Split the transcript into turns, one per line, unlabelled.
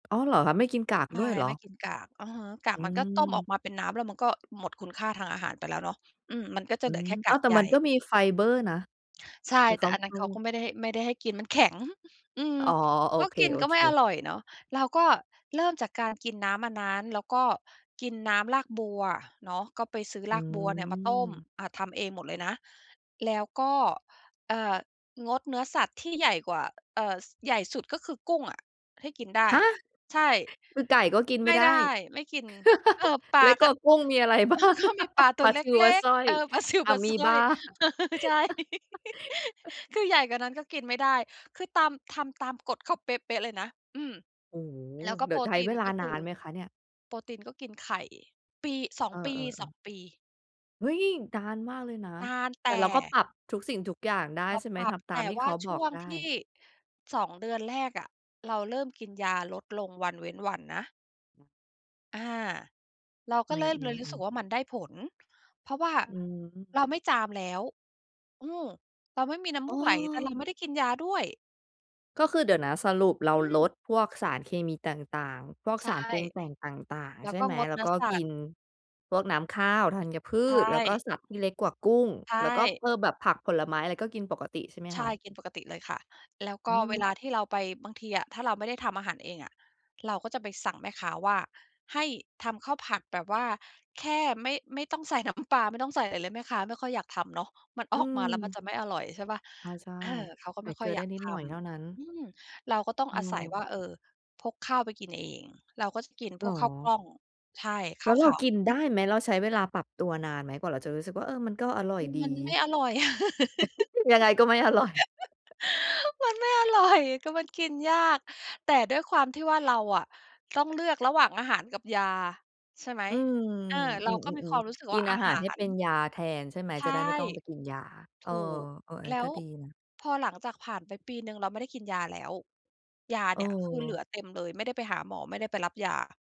อ๋อ เหรอคะ ไม่กินกาก
ใช
ด
่
้วยเหร
ไ
อ?
ม่กินกาก อะฮะ กา
อ
ก
ื
มันก็ต้มออ
ม
กมาเป็นน้ำแล้วมัน ก็หมดคุณค่าทางอาหารไปแล้วเนาะ อืม มันก็จ
อ
ะ
ื
เหลือ
ม
แค่ก
อ้
า
าว
ก
แต่
ใย
มันก็มีไฟเบอร์นะ
ใช่
แต่
แ
เ
ต
ข
่
า
อันนั้นเขาก็ไม่ได้ให้ ไม่ได้ให้กินมัน แข็ง อืม
อ๋อ โอ
ก็
เค
กินก็ไม่อ
ๆ
ร่อยเนาะ เราก็เริ่มจากการกินน้ำอันนั้น แล้วก็กินน้ำรากบัวเนาะ ก็ไปซื้อ
อื
รากบัวเนี่ยมาต้ม
ม
อ่า ทำเองหมดเลยนะ แล้วก็ เอ่อ งดเนื้อสัตว์ที่ใหญ่กว่า เอ่อ ส ใหญ่สุดก็คือกุ้งอะให้กินได้
ฮะ!
ใช่
คือไก่ก็กินไ
ไ
ม
ม
่
่
ได้
ได้ ไม่กิน เอ่อ ปล
แล
า
้วก
ก
็
็
กุ้ง มีอะไร บ
เอ
้
อ
าง
เขา มีปลาตั
ปล
ว
า
เล
ซิว ป
็
ลา
ก
สร้อ
ๆ เ
ย
ออ ปลาซิว
อะ
ปลา
มี
สร้
บ
อ
า
ย เออ ใช่ คือใหญ่กว่านั้นก็กินไม่ได้ คือตาม ทำตามกฎเขาเป๊ะ ๆ เลยนะ อืม
โอ้โฮ!
แล้วก็
เดี
โ
๋
ป
ย
ร
วใช
ต
้
ี
เ
น
วล
ก
า
็ค
น
ือ
านไหมคะเนี่ย?
โปรตีนก็กินไข่ ปี 2
เอ
ปี ส
อ
อ
ๆ ๆ
ง ปี
เฮ้ย! นานมากเลยนะ
นานแต
แต่เราก็
่
ปรับทุกสิ่งทุกอย่างได้
เรา
ใช่ไหม?
ปรั
ท
บ
ำต
แ
า
ต
ม
่
ที่
ว
เ
่
ข
า
า
ช
บอ
่
ก
วง
ได
ท
้
ี่ 2 เดือนแรกอะ เราเริ่มกินยาลดลงวันเว้นวันนะ อา เรา
อ
ก
ื
็เริ่มเลยรู้สึ
อ
ก
ๆ ๆ
ว่ามันได้ผล เพราะว่า
อือฮึ
เราไม่จามแล้ว อืม เราไม่มีน้ำ
อ
ม
้
ูกไหล แต่เราไ
อ
ม่ได้กินยาด้วย
ก็คือ เดี๋ยวนะ สรุปเรา
อื
ล
ม
ดพวกสารเคมีต่าง ๆ พวก
ใช
ส
่
ารปรุงแต่งต่าง
แล้
ๆ ใ
ว
ช่
ก็
ไหม?
งด
แล
เ
้
น
ว
ื้อ
ก็
สั
กิ
ตว์
นพวกน้ำข้าว ธัญพื
ใช
ช แล้วก็
่
สัตว์ที่เล็กกว่ากุ้ง
ใช
แล้วก็
่
เอ่อ แบบผักผลไม้อะไรก็กินปกติใช่ไหม
ใช
ค
่
ะ?
กินปกติเลยค่ะ แล้ว
อ
ก
ื
็เว
ม
ลาที่เราไป บางทีอะถ้าเราไม่ได้ทำอาหารเองอะ เราก็จะไปสั่งแม่ค้าว่าให้ทำข้าวผัดแบบว่า แค่ไม่ ไม่ต้องใส่น้ำปลา ไม่ต้องอะไรเลย แม่ค้าไม่ค่อยอยากทำเนาะ มัน
อ
อ
ื
อกมาแล้วมัน
ม
จะไม่อร่อย ใช่เปล่า?
อา ใช่
เออ เขาก็
ใส
ไม
่
่
เ
ค
ก
่
ล
อย
ือ
อ
ไ
ย
ด้
าก
นิ
ท
ดหน่อยเท่านั้น
ำ อืม เราก็ต้อง
อื
อาศัยว่
ม
า เออ พกข้าวไปกินเอง เราก็จะกิน
เ
พ
หร
ว
อ?
กข้าวกล้อง ใช่ ข
แ
้
ล้
า
ว
ว
เ
ข
รา
าว
กินไ
ไ
ด
ม
้
่กิน
ไหม? เราใช้เวลาปรับตัวนานไหม? กว่าเราจะรู้สึกว่า เออ มันก็อร่อ
อ
ย
ืม
ดี
มันไม่อร่อย
ยังไงก็ไม่อร่อย
มันไม่อร่อย ก็มันกินยาก แต่ด้วยความที่ว่า เราอะต้องเลือกระหว่างอาหารกับยา ใช่ไหม
อืม
เออ เ
อ
ร
ื
าก็มีค
ม
วามรู
ๆ
้สึก
ๆ กิ
ว่า
น
อ
อ
า
าหา
หา
รให้เป็น
ร
ยาแทนใช่ไหม?
ใช
จะ
่
ได้ไม่ต้องไปกินยา
ถ
เออ
ูก
ๆ อัน
แล
นี
้
้ก็
ว
ดีนะ
พอหลังจากผ่านไปปีหนึ่งเราไม่ได้กินยาแล้ว ยาเนี่ยคือเหลื
เออ
อเต็มเลยไม่ได้ไปหาหมอ ไม่ได้ไปรับยา